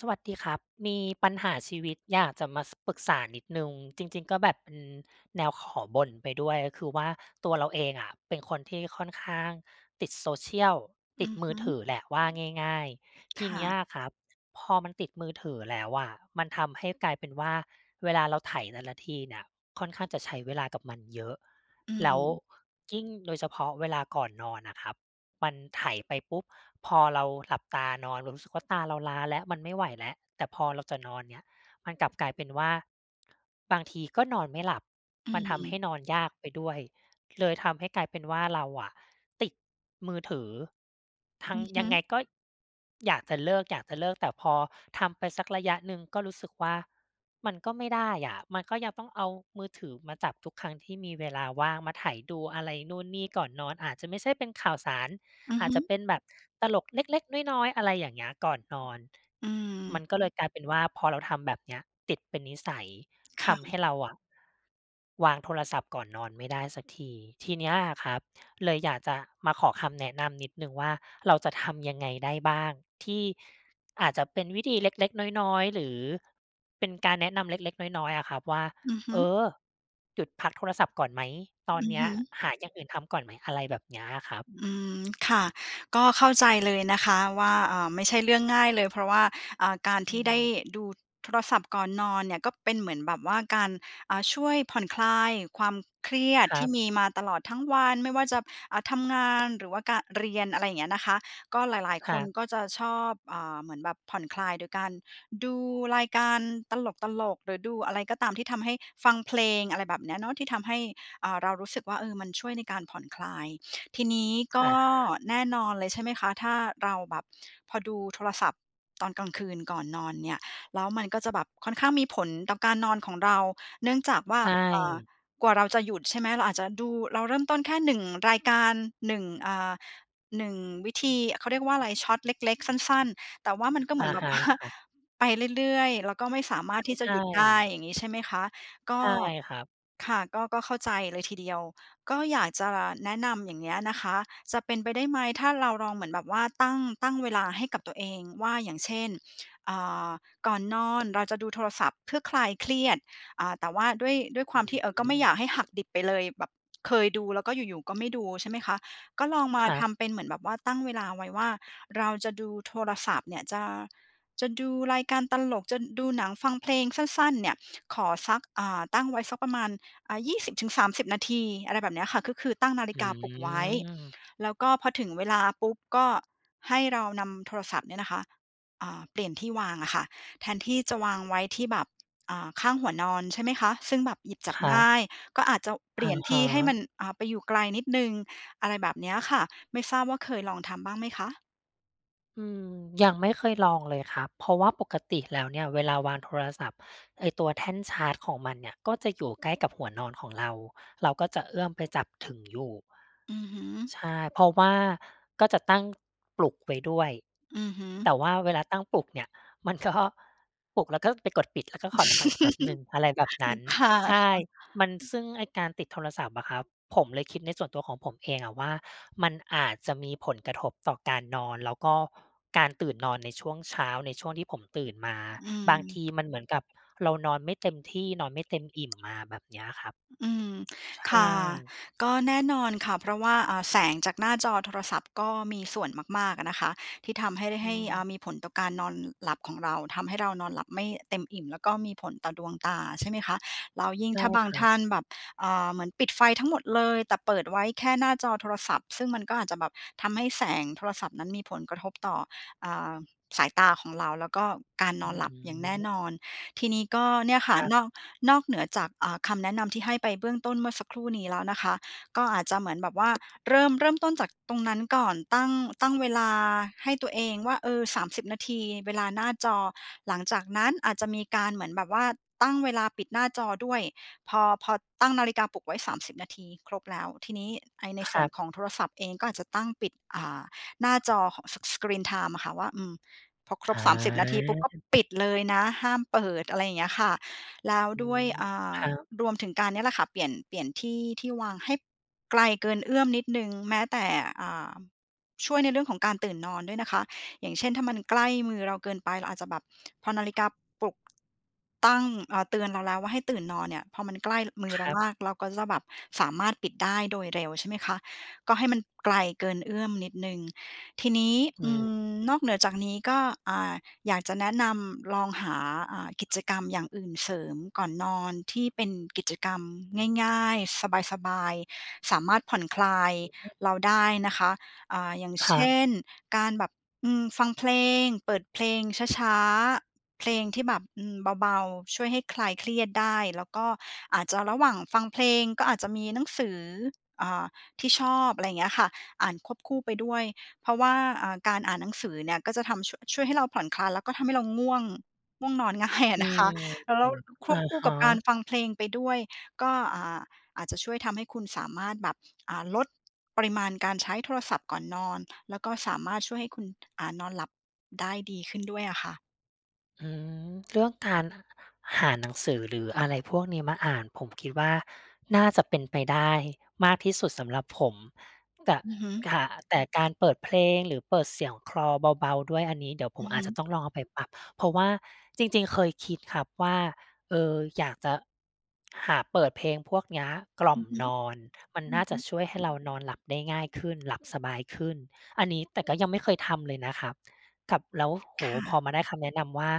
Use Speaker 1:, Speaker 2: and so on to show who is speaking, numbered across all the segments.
Speaker 1: สวัสดีครับ มีปัญหาชีวิตอยากจะมา ส ปรึกษานิดหนึ่ง จริง ๆ ก็แบบ อืม แนวขอบ่นไปด้วย คือว่าตัวเราเองอะเป็นคนที่ค่อนข้างติด Social ต
Speaker 2: อ
Speaker 1: ิ
Speaker 2: ื
Speaker 1: ด
Speaker 2: อ
Speaker 1: ม
Speaker 2: ฮ
Speaker 1: ือ
Speaker 2: ึ
Speaker 1: ถือแหละว่าง่าย ๆ ท
Speaker 2: ค
Speaker 1: ีเ
Speaker 2: ่
Speaker 1: นี้
Speaker 2: ะ
Speaker 1: ยอะครับ พอมันติดมือถือแล้วอะ มันทำให้กลายเป็นว่าเวลาเราไถ่แต่ละทีเนี่ยค่อนข้างจะใช้เวลากับมันเยอะ
Speaker 2: อื
Speaker 1: แล้ว
Speaker 2: ม
Speaker 1: ยิ่งโดยเฉพาะเวลาก่อนนอนอะครับ มันไถไปปุ๊บ พอเราหลับตานอน เรารู้สึกว่าตาเราล้าแล้ว มันไม่ไหวแล้ว แต่พอเราจะนอนเนี่ย มันกลับกลายเป็นว่า บางทีก็นอนไม่หลับ
Speaker 2: อื
Speaker 1: มันทำให้
Speaker 2: ม
Speaker 1: นอนยากไปด้วย เลยทำให้กลายเป็นว่าเราอะติดมือถือ ทั
Speaker 2: อื
Speaker 1: ง
Speaker 2: อฮ
Speaker 1: ยังไง
Speaker 2: ึ
Speaker 1: ก็ อยากจะเลิก ๆ แต่พอทำไปสักระยะหนึ่ง ก็รู้สึกว่ามันก็ไม่ได้อะ มันก็ยังต้องเอามือถือมาจับทุกครั้งที่มีเวลาว่าง มาไถดูอะไรนู่นนี่ก่อนนอน อาจจะไม่ใช่เป็นข่าวสาร
Speaker 2: อือ
Speaker 1: อา
Speaker 2: ฮ
Speaker 1: จจะ
Speaker 2: ึ
Speaker 1: เป็นแบบตลกเล็ก ๆ น้อย ๆ อะไรอย่างเงี้ย ก่อนนอน
Speaker 2: อื
Speaker 1: ม
Speaker 2: ม
Speaker 1: ันก็เลยกลายเป็นว่า พอเราทำแบบเนี้ยติดเป็นนิสัย
Speaker 2: ค
Speaker 1: ท
Speaker 2: ่
Speaker 1: ำ
Speaker 2: ะ
Speaker 1: ให้เราอะ วางโทรศัพท์ก่อนนอนไม่ได้สักที ทีเนี้ยครับเลยอยากจะมาขอคำแนะนำนิดหนึ่งว่า เราจะทำยังไงได้บ้าง ที่อาจจะเป็นวิธีเล็ก ๆ น้อย ๆ หรือเป็นการแนะนำเล็ก ๆ น้อย ๆ อะครับว่า
Speaker 2: อือฮึ
Speaker 1: "เออ หยุดพักโทรศัพท์ก่อนไหม ตอน
Speaker 2: อื
Speaker 1: เ
Speaker 2: อ
Speaker 1: นี้
Speaker 2: ฮ
Speaker 1: ย
Speaker 2: ึ
Speaker 1: หาอย่างอื่นทำก่อนไหม?" อะไรแบบเนี้ยครับ
Speaker 2: อืม ค่ะ ก็เข้าใจเลยนะคะว่า อ่า ไม่ใช่เรื่องง่ายเลย เพราะว่า อ่า การ
Speaker 1: อ
Speaker 2: ท
Speaker 1: ื
Speaker 2: ี่ได้
Speaker 1: ม
Speaker 2: ดูโทรศัพท์ก่อนนอนเนี่ย ก็เป็นเหมือนแบบว่าการ อ่า ช่วยผ่อนคลายความเครียด
Speaker 1: คร
Speaker 2: ท
Speaker 1: ั
Speaker 2: ี่
Speaker 1: บ
Speaker 2: มีมาตลอดทั้งวัน ไม่ว่าจับ อ่า ทำงานหรือว่ากะ เรียน อะไรเงี้ยนะคะ ก็หลาย
Speaker 1: ค
Speaker 2: ๆ ค
Speaker 1: รั
Speaker 2: น
Speaker 1: บ
Speaker 2: ก็จะชอบ อ่า เหมือนแบบผ่อนคลายโดยการดูรายการตลก ๆ หรือดูอะไรก็ตามที่ทำให้ ฟังเพลง อะไรแบบเนี้ยเนาะ ที่ทำให้ อ่า เรารู้สึกว่า เออ มันช่วยในการผ่อนคลาย ทีนี้ก
Speaker 1: อ
Speaker 2: ็
Speaker 1: ะฮะ
Speaker 2: แน่นอนเลย ใช่ไหมคะ ถ้าเราแบบ พอดูโทรศัพท์ตอนกลางคืนก่อนนอนเนี่ย แล้วมันก็จะแบบค่อนข้างมีผลต่อการนอนของเรา เนื่องจากว่า
Speaker 1: ใช
Speaker 2: อ่า
Speaker 1: ่
Speaker 2: กว่าเราจะหยุด ใช่ไหม เราอาจจะดู เราเริ่มต้นแค่ 1 รายการ 1- อ่า 1 วิธี เขาเรียกว่าไร Shorts เล็ก ๆ สั้น ๆ แต่ว่ามันก็เหม
Speaker 1: อ
Speaker 2: ื
Speaker 1: ะ
Speaker 2: อนแบ
Speaker 1: ฮ
Speaker 2: บ
Speaker 1: ะ
Speaker 2: ว่า
Speaker 1: ครับ
Speaker 2: ไปเรื่อย ๆ แล้วก็ไม่สามารถที่
Speaker 1: ใ
Speaker 2: จะ
Speaker 1: ช่
Speaker 2: หยุดได้
Speaker 1: ๆ
Speaker 2: อย่างงี้ ใช่ไหมคะ ก็
Speaker 1: ใช่ครับ
Speaker 2: ค่ะ ก็ ก็เข้าใจเลยทีเดียว ก็อยากจะแนะนำอย่างเงี้ยนะคะ จะเป็นไปได้ไหม ถ้าเราลองเหมือนแบบว่าตั้ง ตั้งเวลาให้กับตัวเองว่า อย่างเช่น อ่า ก่อนนอนเราจะดูโทรศัพท์เพื่อคลายเครียด อ่า แต่ว่าด้วย ด้วยค
Speaker 1: อ
Speaker 2: ว
Speaker 1: ื
Speaker 2: า
Speaker 1: ้
Speaker 2: มที่ เอ่อ ก็
Speaker 1: อ
Speaker 2: ไม่
Speaker 1: ฮื
Speaker 2: อย
Speaker 1: อ
Speaker 2: ากให้หักดิบไปเลย แบบเคยดูแล้วก็อยู่ ๆ ก็ไม่ดู ใช่ไหมคะ ก็ลองมา
Speaker 1: ครั
Speaker 2: ท
Speaker 1: บ
Speaker 2: ำเป็นเหมือนแบบว่าตั้งเวลาไว้ว่า เราจะดูโทรศัพท์เนี่ย จะ จะดูรายการตลก จะดูหนังฟังเพลงสั้น ๆ เนี่ย ขอสัก อ่า ตั้งไว้สักประมาณ อ่า 20-30 นาที อะไรแบบเนี้ยค่ะ ก็คือตั้งนาฬ
Speaker 1: อ
Speaker 2: ิ
Speaker 1: ื
Speaker 2: กาปลุกไว้
Speaker 1: ม
Speaker 2: แล้วก็พอถึงเวลาปุ๊บ ก็ให้เรานำโทรศัพท์เนี่ยนะคะ อ่า เปลี่ยนที่วางอะค่ะ แทนที่จะวางไว้ที่แบบ อ่า ข้างหัวนอน ใช่ไหมคะ ซึ่งแบบหยิบจับ
Speaker 1: ครั
Speaker 2: ง่
Speaker 1: บ
Speaker 2: าย ก็อาจจะเป
Speaker 1: อ
Speaker 2: ลี่
Speaker 1: ะ
Speaker 2: ยนท
Speaker 1: ฮ
Speaker 2: ี่ให้
Speaker 1: ะ
Speaker 2: มัน อ่า ไปอยู่ไกลนิดหนึ่ง อะไรแบบเนี้ยค่ะ ไม่ทราบว่าเคยลองทำบ้างไหมคะ?
Speaker 1: อืม ยังไม่เคยลองเลยครับ เพราะว่าปกติแล้วเนี่ยเวลาวางโทรศัพท์ ไอ้ตัวแท่นชาร์จ ของมันเนี่ยก็จะอยู่ใกล้กับหัวนอนของเรา เราก็จะเอื้อมไปจับถึงอยู่
Speaker 2: อือฮึ
Speaker 1: ใช่ เพราะว่าก็จะตั้ง ปลุกไว้ด้วย
Speaker 2: อือฮึ
Speaker 1: แต่ว่าเวลาตั้งปลุกเนี่ยมัน ก็ ปลุกแล้วก็ไปกดปิด แล้วก็ขอนอนต่ออีกแป๊บ
Speaker 2: อื
Speaker 1: หนึ่ง อะไรแบบน
Speaker 2: อ
Speaker 1: ั้น
Speaker 2: ค่ะ
Speaker 1: ใช่ มัน ซ
Speaker 2: ๆ
Speaker 1: ึ่งไอ้การติดโทรศัพท์อะครับ ผมเลยคิดในส่วนตัวของผมเองอะว่า มันอาจจะมีผลกระทบต่อการนอน แล้วก็การตื่นนอนในช่วงเช้า ในช่วงที่ผมตื่นมา
Speaker 2: อื
Speaker 1: บา
Speaker 2: ม
Speaker 1: งทีมันเหมือนกับเรานอนไม่เต็มที่ นอนไม่เต็มอิ่มมา แบบเนี้ยครับ
Speaker 2: อ อืม
Speaker 1: ใช
Speaker 2: ค่
Speaker 1: ่
Speaker 2: ะ ก็แน่นอนค่ะ เพราะว่า อ่า แสงจากหน้าจอโทรศัพท์ก็มีส่วนมาก ๆ อะนะคะ ที่ทำให้ได้
Speaker 1: อ
Speaker 2: ให้ อ่
Speaker 1: ืม
Speaker 2: า มีผลต่อการนอนหลับของเรา ทำให้เรานอนหลับไม่เต็มอิ่ม แล้วก็มีผลต่อดวงตาใช่ ไหมคะ แล้วยิ่ง
Speaker 1: ใช่
Speaker 2: ถ้าบา
Speaker 1: ค
Speaker 2: ง
Speaker 1: รั
Speaker 2: ท
Speaker 1: บ
Speaker 2: ่านแบบ อ่า เหมือนปิดไฟทั้งหมดเลย แต่เปิดไว้แค่หน้าจอโทรศัพท์ ซึ่งมันก็อาจจะแบบทำให้แสงโทรศัพท์นั้นมีผลกระทบต่อ อ่า สายตาของเรา แล้วก็การน
Speaker 1: อื
Speaker 2: อน
Speaker 1: อ
Speaker 2: หลั
Speaker 1: ฮ
Speaker 2: บอย่างแน่
Speaker 1: ึ
Speaker 2: นอน ทีนี้ก็ เนี่ยค
Speaker 1: ค
Speaker 2: ่ะ
Speaker 1: รับ
Speaker 2: นอก นอกเหนือจาก อ่า คำแนะนำที่ให้ไปเบื้องต้นเมื่อสักครู่นี้แล้วนะคะ ก็อาจจะเหมือนแบบว่า เริ่ม เริ่มต้นจากตรงนั้นก่อน ตั้ง ตั้งเวลาให้ตัวเองว่า เออ 30 นาทีเวลาหน้าจอ หลังจากนั้นอาจจะมีการเหมือนแบบว่าตั้งเวลาปิดหน้าจอด้วย พอ พอตั้งนาฬิกาปลุกไว้ 30 นาทีครบแล้ว ทีนี้ ไอ้ ใน
Speaker 1: ค
Speaker 2: ส่
Speaker 1: ร
Speaker 2: วน
Speaker 1: ับ
Speaker 2: ของโทรศัพท์เองก็อาจจะตั้งปิด อ่า หน้าจอเขาะ S Screen time อะค่ะว่า อืม พอคร
Speaker 1: อ
Speaker 2: บ 30 นาทีปุ๊บ ก็
Speaker 1: า
Speaker 2: ปิด เลยนะ ห้ามเปิด อะไรอย่างเงี้ยค่ะ แล้ว
Speaker 1: อื
Speaker 2: ด้วย
Speaker 1: ม
Speaker 2: อ่า
Speaker 1: ครับ
Speaker 2: รวมถึงการ เนี่ยแหละค่ะ เปลี่ยน เปลี่ยนที่ ที่วางให้ บ ไกลเกินเอื้อมนิดหนึ่ง แม้แต่ อ่า ช่วยในเรื่องของการตื่นนอนด้วยนะคะ อย่างเช่น ถ้ามันใกล้มือเราเกินไป เราอาจจะแบบ พอนาฬิกาปลุก ตั้ง เอ่อ เตือนเราแล้วว่า ให้ตื่นนอนเนี่ย พอมันใกล้ อ มือ
Speaker 1: ค
Speaker 2: เรา
Speaker 1: รับ
Speaker 2: มาก เราก็จะแบบสามารถปิดได้โดยเร็วใช่ไหมคะ ก็ให้มันไกลเกินเอื้อมนิดหนึ่ง ทีนี้
Speaker 1: อ
Speaker 2: อื
Speaker 1: ือ
Speaker 2: ม นอกเหนือจากนี้ก็ อ่า อยากจะแนะนำลองหา อ่า กิจกรรมอย่างอื่นเสริมก่อนนอนที่เป็นกิจกรรมง่าย ๆ สบาย ๆ สามารถผ่อนคลาย
Speaker 1: อือฮึ
Speaker 2: เราได้นะคะ อ่า อย่าง
Speaker 1: ค
Speaker 2: เช
Speaker 1: รับ
Speaker 2: ่น การแบบ อืม ฟังเพลง เปิดเพลงช้า ๆ เพลงที่แบบ อืม เบา ๆ ช่วยให้คลายเครียดได้ แล้วก็อาจจะระหว่างฟังเพลงก็อาจจะมีหนังสือ อ่า ที่ชอบ อะไรอย่างเงี้ยค่ะ อ่านควบคู่ไปด้วย เพราะว่า อ่า การอ่านหนังสือเนี่ยก็จะทำ ชั่วะ ช่วยให้เราผ่อนคลาย แล้วก็ทำให้เราง่วง ง่วงนอนง่ายอ
Speaker 1: อ
Speaker 2: ะ
Speaker 1: ื
Speaker 2: นะค
Speaker 1: ม
Speaker 2: ะ ล แล้วค
Speaker 1: อ
Speaker 2: วบ
Speaker 1: ะ
Speaker 2: คู่
Speaker 1: ฮ
Speaker 2: ก
Speaker 1: ะ
Speaker 2: ับการฟังเพลงไปด้วย ก็ อ่า อาจจะ ช่วยทำให้คุณสามารถแบบ อ่า ลดปริมาณการใช้โทรศัพท์ก่อนนอน แล้วก็สามารถช่วยให้คุณ อ่า นอนหลับได้ดีขึ้นด้วยอะค่ะ
Speaker 1: อืม เรื่องการหาหนังสือ หรืออะไรพวกนี้มาอ่าน ผมคิดว่า น่าจะเป็นไปได้มากที่สุดสำหรับผม แตะ
Speaker 2: อือฮึ
Speaker 1: ข่ะ แต่การเปิดเพลง หรือเปิดเสียงคลอเบา ๆ ด้วย อันนี้เดี๋ยวผ
Speaker 2: อื
Speaker 1: ม
Speaker 2: อ
Speaker 1: อ
Speaker 2: ฮ
Speaker 1: าจ
Speaker 2: ึ
Speaker 1: จะต้องลองเอาไปปรับ เพราะว่าจริง ๆ เคยคิดครับว่า เออ อยากจะหาเปิดเพลงพวกเนี้ยกล่
Speaker 2: อ
Speaker 1: อ
Speaker 2: ื
Speaker 1: ม
Speaker 2: อฮึ
Speaker 1: นอน มัน
Speaker 2: อื
Speaker 1: น่
Speaker 2: อ
Speaker 1: า
Speaker 2: ฮ
Speaker 1: จ
Speaker 2: ึ
Speaker 1: ะช่วยให้เรานอนหลับได้ง่ายขึ้น หลับสบายขึ้น อันนี้ แต่ก็ยังไม่เคยทำเลยนะครับ กับ แล้ว โอ้โ
Speaker 2: ค
Speaker 1: ฮ!
Speaker 2: ่
Speaker 1: พอ
Speaker 2: ะ
Speaker 1: มาได้คำแนะนำว่า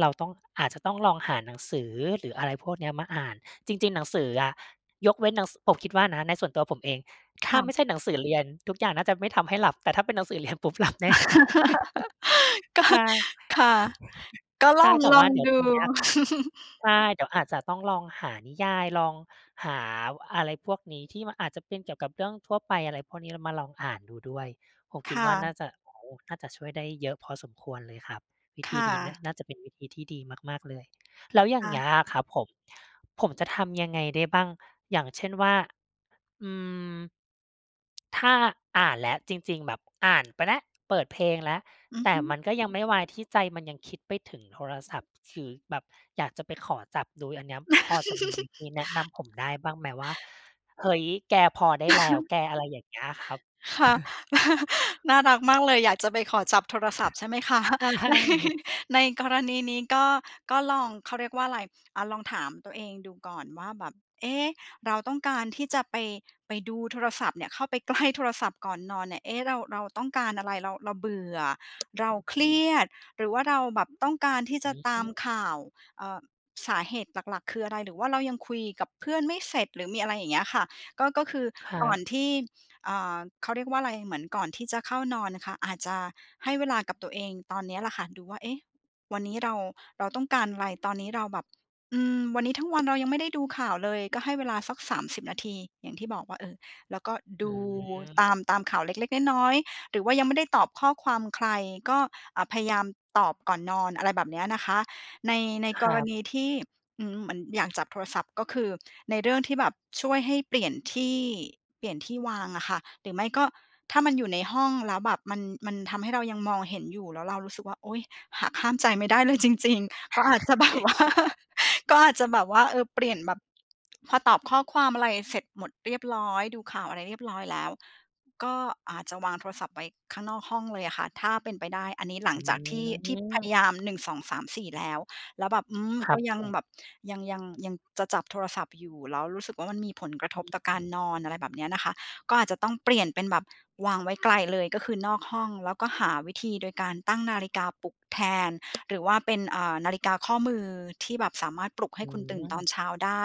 Speaker 1: เราต้อง อาจจะต้องลองหาหนังสือ หรืออะไรพวกเนี้ยมาอ่าน จริง ๆ หนังสืออะ ยกเว้นหนัง ส ผมคิดว่านะในส่วนตัวผมเอง
Speaker 2: ค
Speaker 1: ถ้า
Speaker 2: ่ะ
Speaker 1: ไม่ใช่หนังสือเรียน ทุกอย่างน่าจะไม่ทำให้หลับ แต่ถ้าเป็นหนังสือเรียนปุ๊บ หลับแน่นอน
Speaker 2: ก็
Speaker 1: ใช่
Speaker 2: ค่ะ ก็ล
Speaker 1: ใช่ แต่ว
Speaker 2: อ
Speaker 1: ่า
Speaker 2: ง
Speaker 1: เดี๋ย
Speaker 2: ๆ
Speaker 1: ว
Speaker 2: ดู
Speaker 1: ตรงเนี้ยครับ ใช่ เดี๋ยวอาจจะต้องลองหานิยาย ลองหาวอะไรพวกนี้ที่มันอาจจะเป็นเกี่ยวกับเรื่องทั่วไป อะไรพวกนี้ ล มาลองอ่านดูด้วย ผม
Speaker 2: ค
Speaker 1: คิด
Speaker 2: ่
Speaker 1: ว่า น
Speaker 2: ะ
Speaker 1: ่าจะ โอ้! น่าจะช่วยได้เยอะพอสมควรเลยครับ วิ
Speaker 2: ค
Speaker 1: ธี
Speaker 2: ่
Speaker 1: นี้นะ
Speaker 2: ะ
Speaker 1: น่าจะเป็นวิธีที่ดีมาก ๆ เลย แล้วอย่
Speaker 2: ค
Speaker 1: าง
Speaker 2: ่
Speaker 1: เงี้
Speaker 2: ะ
Speaker 1: ยอะครับผม ผมจะทำยังไงได้บ้าง? อย่างเช่นว่า อืม ถ้าอ่านแล้ว จริง ๆ แบบอ่านไปแล้ว เปิดเพลงแล้ว
Speaker 2: อือ
Speaker 1: แต
Speaker 2: ฮ
Speaker 1: ่
Speaker 2: ึ
Speaker 1: มันก็ยังไม่วายที่ใจมันยังคิดไปถึงโทรศัพท์ ฉ ฉือ แบบอยากจะไปขอจับดู อันเนี้ย บ พอจะมีวิธีแนะนำผมได้บ้างไหม? ว่า "เฮ้ย! แก พอได้แล้วแก" อะไรอย่างเงี้ยครับ
Speaker 2: ค่ะ น่ารักมากเลย อยากจะไปขอจับโทรศัพท์ใช่ไหม คะ
Speaker 1: ใช่
Speaker 2: ในกรณีนี้ก็ ก็ลอง เขาเรียกว่าไร อ่า ลองถามตัวเองดูก่อนว่า แบบ "เอ๊ะ เราต้องการที่จะไป ไปดูโทรศัพท์เนี่ย เข้าไป ใกล้ โทรศัพท์ก่อนนอนเนี่ย เอ๊ะ เรา เราต้องการอะไร? เรา เราเบื่อ เรา
Speaker 1: อื้อ
Speaker 2: เค
Speaker 1: ฮ
Speaker 2: ร
Speaker 1: ื
Speaker 2: ี
Speaker 1: อ
Speaker 2: ยด หรือว่าเราแบบต้องการที่จ
Speaker 1: อ
Speaker 2: ะ
Speaker 1: ือ
Speaker 2: ต
Speaker 1: อ
Speaker 2: า
Speaker 1: ื
Speaker 2: ม
Speaker 1: ม
Speaker 2: ข่าว เอ่อ สาเหตุหลัก ๆ คืออะไร? หรือว่าเรายังคุยกับเพื่อนไม่เสร็จ หรือมีอะไร" อย่างเงี้ยค่ะ ก็ ก็คือ
Speaker 1: ครั
Speaker 2: ก่อ
Speaker 1: บ
Speaker 2: นที่ อ่า เขาเรียกว่าไร เหมือนก่อนที่จะเข้านอนน่ะค่ะ อาจจะให้เวลากับตัวเองตอนเนี้ยแหละค่ะดูว่า "เอ๊ะ วันนี้เรา เราต้องการอะไร? ตอนนี้เราแบบ อืม วันนี้ทั้งวันเรายังไม่ได้ดูข่าวเลย" ก็ให้เวลาสัก 30 นาที อย่างที่บอกว่า เออ แล้วก็ด
Speaker 1: อื
Speaker 2: ูต
Speaker 1: ม
Speaker 2: าม ตามข่าวเล็ก ๆ น้อย ๆ หรือว่ายังไม่ได้ตอบข้อความใคร ก็ อ่า พยายาม ตอบก่อนนอน อะไรแบบเนี้ยนะคะ ใน ใน
Speaker 1: ค
Speaker 2: ก
Speaker 1: รั
Speaker 2: ร
Speaker 1: บ
Speaker 2: ณีที่ อืม มันอยากจับโทรศัพท์ ก็คือในเรื่องที่แบบช่วยให้เปลี่ยนที่ เปลี่ยนที่วางอะค่ะ หรือไม่ก็ ถ้ามันอยู่ในห้องแล้วแบบมัน มันทำให้เรายังมองเห็นอยู่แล้วเรารู้สึกว่า "โอ๊ย! หักห้ามใจไม่ได้เลยจริง ๆ" ก็อาจจะ แบบว่า ก็อาจจะแบบว่า เออ เปลี่ยนแบบ พอตอบข้อความอะไรเสร็จหมดเรียบร้อย ดูข่าวอะไรเรียบร้อยแล้ว ก็อาจจะวางโทรศัพท์ไว้ข้างนอกห้องเลยอะค่ะ ถ้าเป็นไปได้ อันนี้หลั
Speaker 1: อ
Speaker 2: ง
Speaker 1: ื
Speaker 2: จากที่ ที่พยาย
Speaker 1: ม!
Speaker 2: าม 1 2 3 4 แล้ว แล้วแบบ อืม
Speaker 1: คร
Speaker 2: ก
Speaker 1: ั
Speaker 2: ็
Speaker 1: บ
Speaker 2: ยั
Speaker 1: ผ
Speaker 2: ง
Speaker 1: ม
Speaker 2: แบบยัง ยัง ยังจะจับโทรศัพท์อยู่ แล้วรู้สึกว่า มันมีผลกระทบต่อการนอน อะไรแบบเนี้ยนะคะ ก็อาจจะต้องเปลี่ยนเป็นแบบวางไว้ไกลเลย ก็คือนอกห้อง แล้วก็หาวิธีโดยการตั้งนาฬิกาปลุกแทน หรือว่าเป็น อ่า นาฬิกาข้อมือที่แบบสามารถปลุกให
Speaker 1: อ
Speaker 2: ้
Speaker 1: ื
Speaker 2: คุณตื่นตอน
Speaker 1: ม
Speaker 2: เช้าได้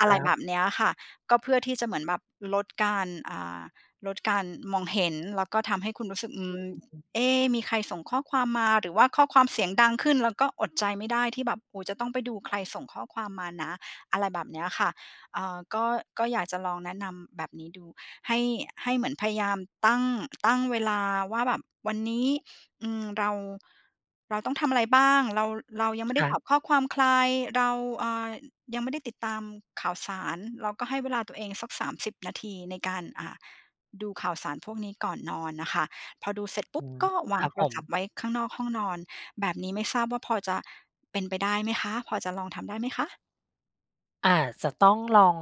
Speaker 2: อ
Speaker 1: ค
Speaker 2: ะไร
Speaker 1: รั
Speaker 2: แบ
Speaker 1: บ
Speaker 2: บเนี้ยค่ะ ก็เพื่อที่จะเหมือนแบบลดการ อ่า ลดการมองเห็น แล้วก็ทำให้คุณรู้สึก "อื
Speaker 1: อื
Speaker 2: ม
Speaker 1: ม
Speaker 2: เอ๊ มีใครส่งข้อความมา?" หรือว่าข้อความเสียงดังขึ้น แล้วก็อดใจไม่ได้ที่แบบ โอ้โฮ จะต้องไปดูใครส่งข้อความมานะ อะไรแบบเนี้ยค่ะ เอ่อ ก็ ก็อยากจะลองแนะนำแบบนี้ดู ให้ ให้เหมือนพยายามตั้ง ตั้งเวลาว่า แบบวันนี้ อืม เรา เราต้องทำอะไรบ้าง? เรา ล เรายังไม่
Speaker 1: ค
Speaker 2: ได้
Speaker 1: รั
Speaker 2: ต
Speaker 1: บ
Speaker 2: อบข้อความใคร? เรา อ่า อ ยังไม่ได้ติดตามข่าวสาร เราก็ให้เวลาตัวเองสัก 30 นาทีในการ อ่า ดูข่าวสารพวกนี้ก่อนนอนน่ะค่ะ พอดูเสร็จปุ
Speaker 1: อ
Speaker 2: ๊
Speaker 1: ื
Speaker 2: บ
Speaker 1: ม
Speaker 2: ก็วา
Speaker 1: ค
Speaker 2: ง
Speaker 1: รับ
Speaker 2: โท
Speaker 1: ผ
Speaker 2: ร
Speaker 1: ม
Speaker 2: ศัพท์ไว้ข้างนอกห้องนอน แบบนี้ไม่ทราบว่า พอจะเป็นไปได้ไหมคะ? พอจะลองทำได้ไหมคะ?
Speaker 1: อาจจะต้องลอง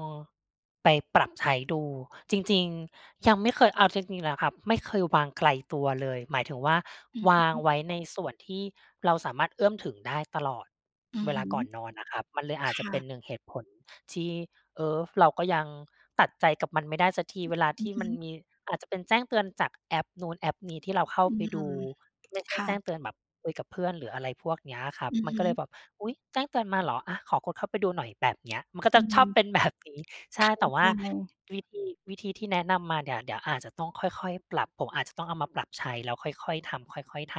Speaker 1: ไปปรับใช้ดู จริง ๆ ยังไม่เคย เอาจริง ๆ แล้วครับไม่เคยวางไกลตัวเลย หมายถึงว่า
Speaker 2: อือ
Speaker 1: ว
Speaker 2: ฮ
Speaker 1: าง
Speaker 2: ึ
Speaker 1: ไว้ในส่วนที่เราสามารถเอื้อมถึงได้ตลอด
Speaker 2: อื
Speaker 1: เ
Speaker 2: อ
Speaker 1: ว
Speaker 2: ฮ
Speaker 1: ลา
Speaker 2: ึ
Speaker 1: ก่อนนอนน่ะครับ มันเลยอา
Speaker 2: ค
Speaker 1: จจะ
Speaker 2: ่
Speaker 1: เป็
Speaker 2: ะ
Speaker 1: น 1 เหตุผลที่ เออ เราก็ยังตัดใจกับมันไม่ได้สักที
Speaker 2: อือ
Speaker 1: เวลา
Speaker 2: อ
Speaker 1: ท
Speaker 2: ื
Speaker 1: ี
Speaker 2: อ
Speaker 1: ่
Speaker 2: ฮ
Speaker 1: มัน
Speaker 2: ึ
Speaker 1: มี อาจจะเป็นแจ้งเตือนจากแอปนู้นแอปนี้ที่เราเข้า
Speaker 2: อื
Speaker 1: ไปดู
Speaker 2: ม
Speaker 1: ไม่ใช
Speaker 2: ค
Speaker 1: ่
Speaker 2: ่
Speaker 1: แจ้ง
Speaker 2: ะ
Speaker 1: เตือนแบบคุยกับเพื่อนหรืออะไรพวกเนี้ยอะครับ
Speaker 2: อือ
Speaker 1: มัน
Speaker 2: ฮ
Speaker 1: ก็เล
Speaker 2: ึ
Speaker 1: ยแบบ "อุ๊ย แจ้งเตือนมาเหรอ? อะ ขอกดเข้าไปดูหน่อย" แบบเนี้ย มันก็
Speaker 2: อ
Speaker 1: จ
Speaker 2: ื
Speaker 1: ะช
Speaker 2: ม
Speaker 1: อบเป็นแบบนี้ ใช
Speaker 2: เข
Speaker 1: ่
Speaker 2: ้า
Speaker 1: แต่ว
Speaker 2: ใ
Speaker 1: ่า
Speaker 2: จ
Speaker 1: วิธี วิธีที่แนะนำมาเนี่ย เดี๋ยวอาจจะต้องค่อย ๆ ปรับ ผมอาจจะต้องเอามาปรับใช้แล้วค่อย ๆ ทำ ค่อย ๆ ท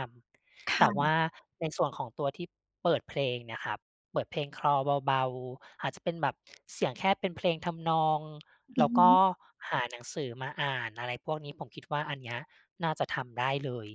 Speaker 2: ค
Speaker 1: ำ แต
Speaker 2: ่
Speaker 1: ่ว่
Speaker 2: ะ
Speaker 1: าในส่วนของตัวที่เปิดเพลงเนี่ยครับ เปิดเพลงคลอเบา ๆ อาจจะเป็นแบบเสียงแค่เป็นเพลงทำนอง
Speaker 2: อ
Speaker 1: แ
Speaker 2: ื
Speaker 1: ล
Speaker 2: อ
Speaker 1: ้ว
Speaker 2: ฮ
Speaker 1: ก็
Speaker 2: ึ
Speaker 1: หาหนังสือมาอ่าน อะไรพวกนี้ ผมคิดว่า อันเนี้ยน่าจะทำได้เลย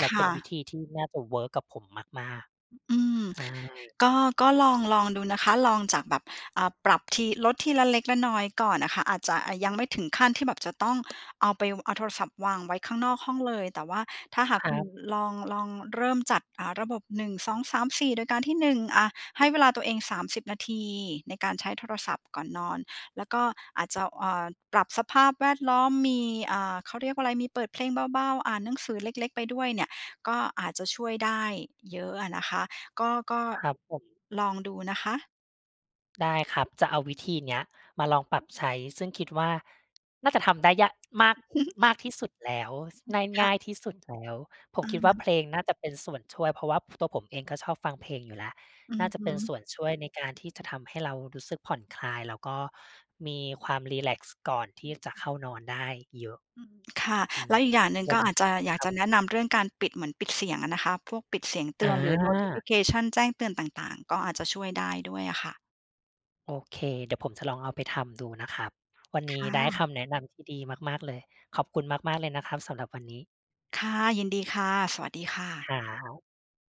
Speaker 1: แ
Speaker 2: ค
Speaker 1: ล้วเป
Speaker 2: ่
Speaker 1: ็นว
Speaker 2: ะ
Speaker 1: ิธีที่น่าจะเวิร์กกับผมมาก
Speaker 2: อ อืม
Speaker 1: ๆ ใช่
Speaker 2: ก็ ก็ลอง ลองดูนะคะ ลองจากแบบ อ่า ปรับที ลดทีละเล็กละน้อยก่อนอะค่ะ อาจจะ อะ ยังไม่ถึงขั้นที่แบบจะต้อง เอาไป เอาโทรศัพท์วางไว้ข้างนอกห้องเลย แต่ว่าถ้าหาก
Speaker 1: คร
Speaker 2: ค
Speaker 1: ั
Speaker 2: ุณ
Speaker 1: บ
Speaker 2: ลอง ลองเริ่มจัด อ่า ระบบ 1 2 3 4 โดยการที่ 1 อา ให้เวลาตัวเอง 30 นาทีในการใช้โทรศัพท์ก่อนนอน แล้วก็อาจจะ เอิ่ด ปรับสภาพแวดล้อม มี อ่า เขาเรียกว่าไร มีเปิดเพลงเบา ๆ อ่านหนังสือเล็ก ๆ ไปด้วยเนี่ย ก็อาจจะช่วยได้เยอะอะนะคะ ก็ ก็
Speaker 1: ครับผม
Speaker 2: ลองดูนะคะ
Speaker 1: ได้ครับ จะเอาวิธีเนี้ยมาลองปรับใช้ ซึ่งคิดว่า น่าจะทำได้ย่ะ มาก มากที่สุดแล้ว ส
Speaker 2: อื
Speaker 1: น
Speaker 2: อ
Speaker 1: ่าย
Speaker 2: ค
Speaker 1: ง
Speaker 2: ่
Speaker 1: ่
Speaker 2: ะ
Speaker 1: ายที่สุดแล้ว ผ
Speaker 2: อ
Speaker 1: ม
Speaker 2: ะ
Speaker 1: คิด
Speaker 2: ฮ
Speaker 1: ว่า
Speaker 2: ะ
Speaker 1: เพลงน่าจะเป็นส่วนช่วย เพราะว่า ผ ตัวผมเองก็ชอบฟังเพลงอยู่แล้ว
Speaker 2: อื
Speaker 1: น่
Speaker 2: อ
Speaker 1: าจ
Speaker 2: ฮ
Speaker 1: ะ
Speaker 2: ึ
Speaker 1: เป็นส่วนช่วยในการที่จะทำให้เรารู้สึกผ่อนคลาย แล้วก็มีความรีแลกซ์ก่อนท
Speaker 2: อ
Speaker 1: ี่
Speaker 2: ือ
Speaker 1: จะเข้านอนได้เยอะ
Speaker 2: อือ ค่ะ
Speaker 1: อื
Speaker 2: แล
Speaker 1: ม
Speaker 2: ้วอีกอย่างหนึ่ง
Speaker 1: ว
Speaker 2: ก
Speaker 1: ั
Speaker 2: ็
Speaker 1: น
Speaker 2: อ
Speaker 1: น
Speaker 2: าจจะ อยาก
Speaker 1: คร
Speaker 2: จ
Speaker 1: ับ
Speaker 2: ะแนะนำเรื่องการปิด เหมือนปิดเสียงอะนะคะ พวกปิดเสียงเต
Speaker 1: อ
Speaker 2: ือน หรือ
Speaker 1: า
Speaker 2: notification แจ้งเตือนต่าง ๆ ก็อาจจะช่วยได้ด้วยอะค่ะ
Speaker 1: โอเค เดี๋ยวผมจะลองเอาไปทำดูนะครับ วันน
Speaker 2: ค
Speaker 1: ี้
Speaker 2: ่
Speaker 1: ได้ค
Speaker 2: ะ
Speaker 1: ำแนะนำที่ดีมาก ๆ เลย ขอบคุณมาก ๆ เลยนะครับสำหรับวันนี้
Speaker 2: ค่ะ ยินดีค่ะ สวัสดีค่ะ
Speaker 1: ครับ